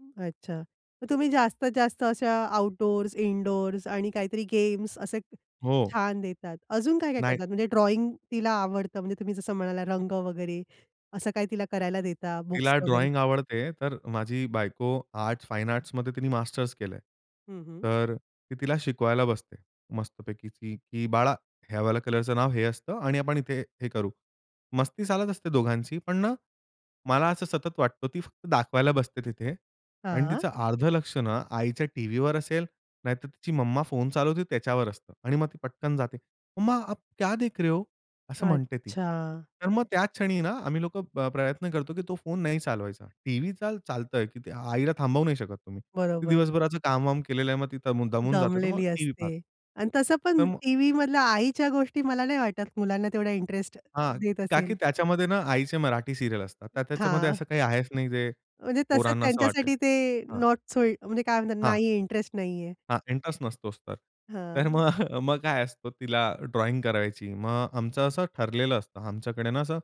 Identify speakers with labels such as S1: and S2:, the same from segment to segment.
S1: अच्छा. तर तुम्ही जास्तीत जास्त अशा आउटडोर्स, इनडोर्स आणि काहीतरी गेम्स असे
S2: हो.
S1: छान देतात. अजून काय काय
S2: नाही.
S1: करतात? म्हणजे ड्रॉइंग तिला आवडतं, म्हणजे तुम्ही जसं म्हणालात रंग वगैरे, असं काय तिला करायला देता, बुक्स
S2: तिला
S1: वगैरे?
S2: ड्रॉइंग आवडते. तर माझी बायको आर्ट्स, फाईन आर्ट्समध्ये तिनी मास्टर्स केलंय.
S1: हं, हं.
S2: तर ती तिला शिकवायला बसते मस्तपैकी, की बाळा, ह्या वाल्या कलरचं नाव हे असतं आणि आपण इथे हे करू. मस्ती चालत असते दोघांची, पण ना मला असं सतत वाटतं, ती फक्त दाखवायला बसते तिथे आणि
S1: हां.
S2: तिचं अर्ध लक्ष ना आईच्या टीव्हीवर असेल, नाहीतर तिची मम्मा फोन चालवते त्याच्यावर असतं आणि मग ती पटकन जाते. मम्मा, "आप क्या देख रहे हो?" असं म्हणते ती.
S1: अच्छा.
S2: तर मग त्याच क्षणी ना आम्ही लोकं प्र प्रयत्न करतो की तो फोन नाही चालवायचा. टीव्ही चाल चालतंय, की ते आईला थांबवू नाही शकत तुम्ही. ती
S1: बरोबर.
S2: दिवसभराचं कामवाम केलेलं आहे, मग ती दमून जाते, तर मग
S1: दमलेली
S2: टीव्ही पाहते.
S1: असते आणि तसं
S2: तर
S1: पण
S2: मग
S1: टीव्हीमधल्या आईच्या गोष्टी मला नाही वाटत, मुलांना तेवढा इंटरेस्ट
S2: हां.
S1: देत
S2: का
S1: असेल.
S2: की त्याच्यामध्ये ना आईचे मराठी सीरियल असतात. तर त्याच्यामध्ये
S1: हां.
S2: असं काही आहेच नाही जे
S1: म्हणजे तसं
S2: पोरांना असं वाटेल.
S1: त्यांच्यासाठी ते
S2: हां.
S1: नॉट सो म्हणजे काय म्हणतात,
S2: हां.
S1: नाहीये इंटरेस्ट नाहीये.
S2: हां. इंटरेस्ट नसतोच तर. तर
S1: हां.
S2: मग मग काय असतं, तिला ड्रॉइंग करायची. मग अ, आमचं असं ठरलेलं असतं. आमच्याकडे ना असं,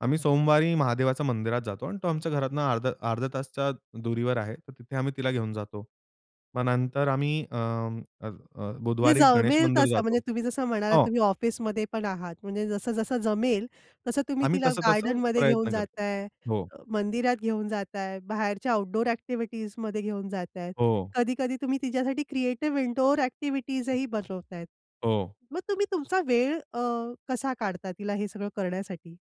S2: आम्ही सोमवारी महादेवाच्या मंदिरात जातो आणि तो आमच्या घरातून अर्धा अर्धा तासाच्या दुरीवर आहे. तर तिथे आम्ही तिला घेऊन जातो. मग नंतर आम्ही अ, अ,
S1: जे
S2: बुधवारी गणेश
S1: जमेल
S2: मंदिर
S1: तसं. म्हणजे
S2: जातो.
S1: तुम्ही जसं म्हणालात,
S2: हो.
S1: तुम्ही ऑफिसमध्ये पण आहात. म्हणजे जसं-जसं जमेल तसं तुम्ही
S2: आम्ही
S1: तिला
S2: तसं-तसं
S1: गार्डनमध्ये घेऊन
S2: प्रयत्न करतो.
S1: जाताय,
S2: हो.
S1: अ, मंदिरात घेऊन जाताय, बाहेरच्या आउटडोअर ॲक्टिव्हिटीजमध्ये घेऊन जातायत.
S2: हो.
S1: कधी-कधी तुम्ही तिच्यासाठी क्रिएटिव्ह इनडोअर ॲक्टिव्हिटीजही बनवतायेत.
S2: हो.
S1: मग तुम्ही तुमचा वेळ अ, कसा काढता तिला हे सगळं करण्यासाठी?